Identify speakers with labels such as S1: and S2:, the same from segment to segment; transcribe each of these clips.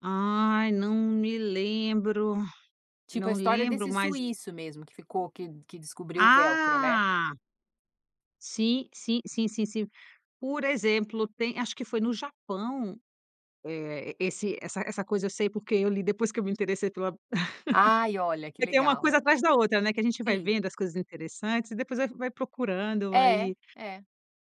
S1: Ai, não me lembro,
S2: Tipo, a
S1: não
S2: história
S1: lembro,
S2: desse
S1: mas
S2: suíço mesmo que ficou que que descobriu o velcro, né?
S1: Ah. Sim, sim, sim, sim, sim. Por exemplo, tem acho que foi no Japão, eh, e esse essa essa coisa eu sei, porque eu li, depois que eu me interessei pela
S2: Ai, olha, que
S1: porque tem uma
S2: legal.
S1: coisa atrás da outra, né, a gente vai
S2: Sim.
S1: vendo as coisas interessantes e depois vai vai procurando,
S2: É,
S1: vai
S2: é.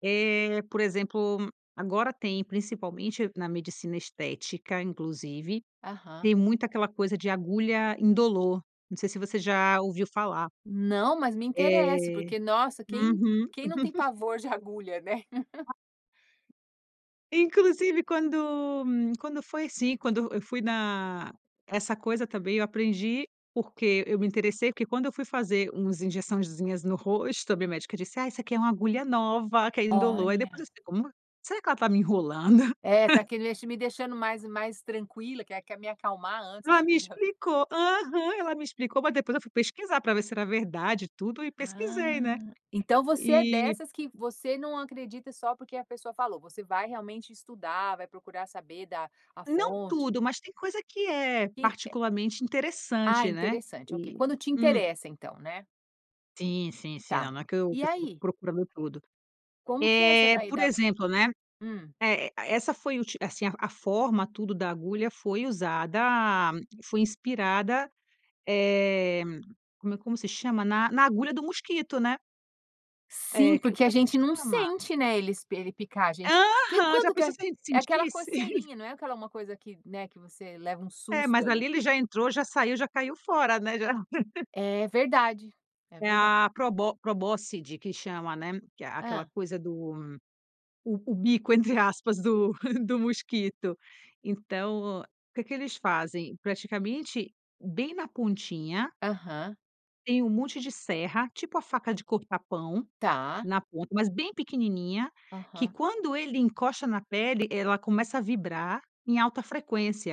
S1: Eh, por exemplo, agora tem, principalmente na medicina estética, inclusive,
S2: Aham.
S1: tem muita aquela coisa de agulha indolor, não sei se você já ouviu falar.
S2: Não, mas me interessa
S1: É,
S2: porque nossa quem
S1: uhum.
S2: quem não tem pavor de agulha, né?
S1: Inclusive, quando quando foi, assim, quando eu fui na essa coisa também eu aprendi, porque eu me interessei, porque quando eu fui fazer umas injeçãozinhas no rosto a minha médica disse: "Ah, essa aqui é uma agulha nova que ainda indolor". Aí, depois eu
S2: Olha.
S1: disse: "Como? Será que ela tá me enrolando?
S2: É, "tá que deix me deixando mais e mais tranquila? Que é que é me acalmar antes
S1: Ela
S2: de"
S1: me
S2: [unintelligible]
S1: explicou, aham, ela me explicou, mas depois eu fui pesquisar, pra ver se era verdade tudo e pesquisei, né,
S2: Ah, então você é
S1: e
S2: dessas que você não acredita só porque a pessoa falou, você vai realmente estudar, vai procurar saber da a
S1: Não
S2: fonte.
S1: tudo, mas tem coisa que é,
S2: E é
S1: particularmente,
S2: Ah,
S1: interessante, né,
S2: interessante, ok.
S1: e,
S2: Quando te
S1: hum.
S2: interessa, então, né?
S1: Sim, sim, sim, não
S2: Tá,
S1: não é que eu
S2: e
S1: que eu fico
S2: aí?
S1: procurando tudo,
S2: Como que é essa
S1: eh,
S2: daí
S1: por
S2: da
S1: exemplo, né,
S2: hum.
S1: eh, essa foi uti assim, a forma tudo da agulha foi usada foi inspirada, eh, como é, como se chama? Na na agulha do mosquito, né.
S2: Sim,
S1: É, que
S2: porque a
S1: como é que se
S2: gente não
S1: chama?
S2: sente, né, ele se ele picar a gente, que
S1: Aham, já
S2: quanto que
S1: pensou
S2: é
S1: se a gente
S2: é aquela
S1: sentisse?
S2: coceirinha, não é aquela uma coisa que né, que você leva um
S1: É,
S2: susto,
S1: mas
S2: ali.
S1: ali ele já entrou já saiu, já caiu fora, né, já
S2: É verdade, é
S1: É
S2: verda
S1: a probo probossi, de que chama, né, que é aquela
S2: Hã.
S1: coisa do o o bico, entre aspas, do do mosquito. Então, que que eles fazem? Praticamente, bem na pontinha
S2: Aham.
S1: tem um monte de serra, tipo a faca de cortar pão,
S2: Tá.
S1: na ponta, mas bem pequenininha, que
S2: Aham.
S1: quando ele encosta na pele, ela começa a vibrar em alta frequência.